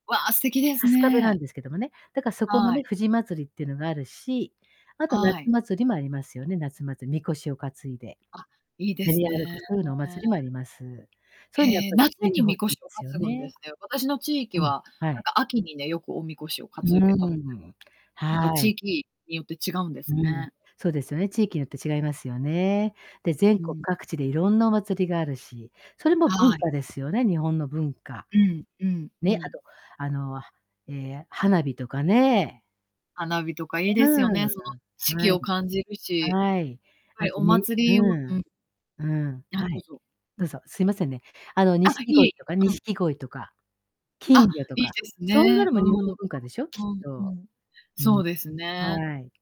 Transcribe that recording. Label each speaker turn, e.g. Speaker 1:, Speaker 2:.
Speaker 1: わあ、素敵です
Speaker 2: 春日部な
Speaker 1: ね。
Speaker 2: んですけどもね。だか、そこの
Speaker 1: はい。
Speaker 2: ね、藤まつりっていうのがあるし、あと夏
Speaker 1: はい。
Speaker 2: 祭りもありますよね、夏まつ神輿を担いで
Speaker 1: あ、いいで
Speaker 2: 練
Speaker 1: す
Speaker 2: り歩
Speaker 1: ね。
Speaker 2: く、そういうのお祭りもあります。そういうのやっ
Speaker 1: へえ、
Speaker 2: ぱ、
Speaker 1: 夏
Speaker 2: 続い
Speaker 1: に
Speaker 2: て
Speaker 1: 神
Speaker 2: 欲しいで
Speaker 1: 輿を
Speaker 2: すよ
Speaker 1: 担ぐんで
Speaker 2: ね。
Speaker 1: すね。私の地域
Speaker 2: うん。
Speaker 1: は
Speaker 2: は
Speaker 1: なん
Speaker 2: い。
Speaker 1: か秋にね、よくお神輿を
Speaker 2: うう
Speaker 1: 担
Speaker 2: う
Speaker 1: いで
Speaker 2: ん
Speaker 1: たので。
Speaker 2: うん。
Speaker 1: やっぱ
Speaker 2: は
Speaker 1: 地
Speaker 2: い。
Speaker 1: 域によって違うんで
Speaker 2: う
Speaker 1: す
Speaker 2: ん、
Speaker 1: ね。
Speaker 2: そうですよね、地域によって違いますよね。で、全
Speaker 1: う
Speaker 2: 国
Speaker 1: ん。
Speaker 2: 各地で色んなお祭りがあるし、それも文
Speaker 1: はい。
Speaker 2: 化ですよね日本の文化。
Speaker 1: うん、うん、う
Speaker 2: ね、あ
Speaker 1: ん。
Speaker 2: と、あの、はええ、花火とかね。
Speaker 1: 花火とかいい
Speaker 2: う
Speaker 1: ですよね、そ
Speaker 2: ーん、
Speaker 1: の、
Speaker 2: あ、
Speaker 1: 四季
Speaker 2: はい。
Speaker 1: を感じるし。
Speaker 2: はい。
Speaker 1: は
Speaker 2: あ
Speaker 1: い、
Speaker 2: と
Speaker 1: お
Speaker 2: ね
Speaker 1: 祭りを
Speaker 2: う
Speaker 1: う
Speaker 2: ん。
Speaker 1: ん。
Speaker 2: うん。
Speaker 1: あ、
Speaker 2: は
Speaker 1: どう
Speaker 2: い。
Speaker 1: ぞ。
Speaker 2: どうぞ、すいませんね。あの、
Speaker 1: あ、
Speaker 2: 錦
Speaker 1: いえい
Speaker 2: 鯉
Speaker 1: え、
Speaker 2: とか
Speaker 1: うん。
Speaker 2: 錦鯉とか、
Speaker 1: あ、
Speaker 2: 金魚と
Speaker 1: いいで
Speaker 2: か、
Speaker 1: す
Speaker 2: そんな
Speaker 1: ね。
Speaker 2: のも
Speaker 1: う
Speaker 2: 日本
Speaker 1: ん。う
Speaker 2: の文化でしょ、きっ
Speaker 1: んうんう
Speaker 2: と。
Speaker 1: ん。
Speaker 2: う
Speaker 1: そ
Speaker 2: ん。
Speaker 1: うですね。
Speaker 2: はい。